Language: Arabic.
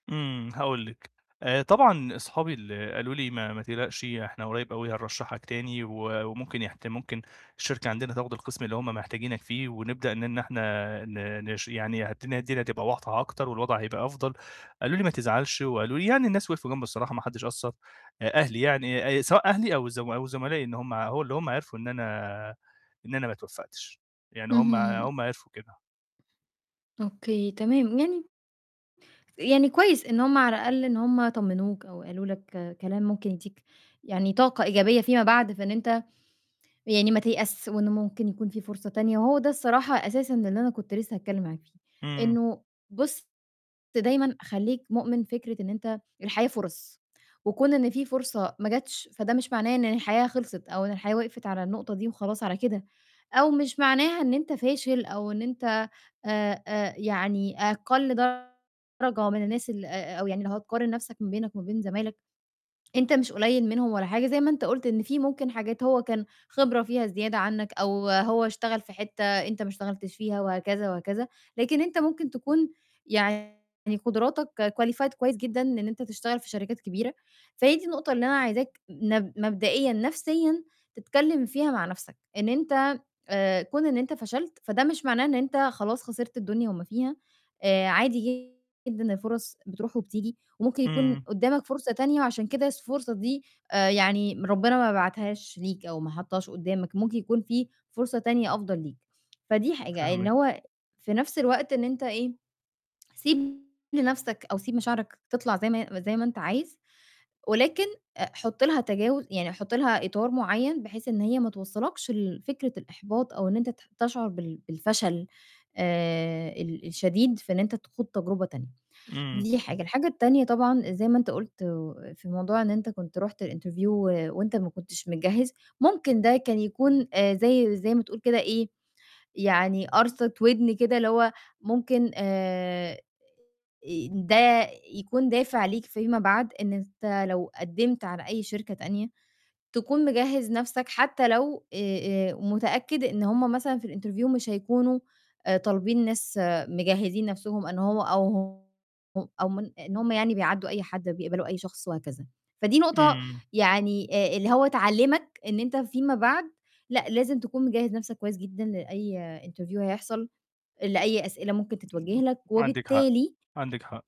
إمم، هاقول لِك. آآ طبعًا أصحابي اللي قالوا لي: "ما ما تقلقش إحنا قريّب أوي هنرشّحك تاني و وممكن يحت ممكن الشركة عندنا تاخُد القِسْم اللي هم محتاجينك فيه ونبدأ إن إحنا آآ ن نش يعني هدي الدنيا تبقى واضحة أكتر والوضع هيبقى أفضل."، قالوا لي: "ما تزعلش." وقالوا لي يعني الناس وقفوا جنبي الصراحة محدش قصّر، آآ أهلي يعني آآ سواء أهلي أو الز أو زملائي إن هم هو اللي هم عرفوا إن أنا إن أنا ما اتوفَّقتش. يعني هم اهم. هم عرفوا كده. أوكي تمام، من يعني كويس إن هم على الأقل إن هم طمِّنوك أو قالوا لك كلام ممكن يدّيك يعني طاقة إيجابية فيما بعد، فإن أنت يعني ما تيأس، وإن ممكن يكون فيه فرصة تانية، وهو ده الصراحة أساسًا اللي أنا كنت لسّه هاتكلّم معاك فيه، إمم. إنه بُص دايمًا خلّيك مؤمِن فكرة إن أنت الحياة فُرَص وكون إن في فرصة ما جاتش، فده مش معناه إن الحياة خلصت أو إن الحياة وقفت على النقطة دي وخلاص على كده أو مش معناها إن أنت فاشل أو إن أنت آآ، آآ يعني أقَل درجة من الناس ال آآ أو يعني لو هتقارن نَفْسك ما بينك وما بين زمايلك، أنت مش قليّل منهم ولا حاجة، زي ما أنت قُلت إن في ممكن حاجات هو كان خبرة فيها زيادة عنّك أو هو اشتغل في حتّة أنت ما اشتغلتش فيها وهكذا وهكذا، لكن أنت ممكن تكون يعني قُدراتك qualified كويس جدًا إن أنت تشتغل في شركات كبيرة، فهي دي النقطة اللي أنا عايزاك نب مبدئيًا نَفْسيًا تتكلِّم فيها مع نَفْسك، إن أنت آآ كون إن أنت فشلت، فده مش معناه إن أنت خلاص خسرت الدنيا وما فيها، آآ عادي جدًا الفُرَص بتروح وبتيجي وممكن يكون إمم. قُدّامك فرصة تانية وعشان كده س الفرصة دي آآ، يعني ربِّنا ما بعتهاش ليك أو ما حطّهاش قُدّامك، ممكن يكون في فرصة تانية أفضل ليك. فدي حاجة، إن فاهمِك. هو في نَفْس الوقت إن أنت إيه، سيب لنَفْسك أو سيب مشاعرك تطلع زي ما هي زي ما أنت عايز ولكن آآ، حُط لها تجاوز يعني حُط لها إطار معيّن بحيث إن هي ما توصّلكش لفكرة الإحباط أو إن أنت ت تشعر بال بالفشل آآ، ال الشديد في إن أنت تخوض تجربة تانية. إمم. دي حاجة. الحاجة التانية طبعًا زي ما أنت قُلت آآ في موضوع إن أنت كنت رُحت الinterview و وأنت ما كنتش مجهّز، ممكن ده كان يكون آآ زي زي ما تقول كده إيه، يعني قَرصِة وِدْن كده اللي هو ممكن آآ، آآ ده يكون دافع ليك فيما بعد إن أنت لو قدِّمت على أي شركة تانية تكون مجهِّز نَفْسك حتّى لو آآ، آآ متأكد إن هم مثلًا في الinterview مش هيكونوا آآ طالبين ناس مجهّزين نَفْسهم أن هو أو ه ه أو من إن هم يعني بيعدّوا أي حد أو بيقبلوا أي شخص وهكذا. فدي نقطة إمم. يعني آآ، اللي هو تعلِّمك إن أنت فيما بعد لأ، لازم تكون مجهّز نَفْسك كويس جدًا لأي interview هيحصل، لأي أسئلة ممكن تتوجه بالضبط، لك، عندِك حق، وبالتالي عندِك حق.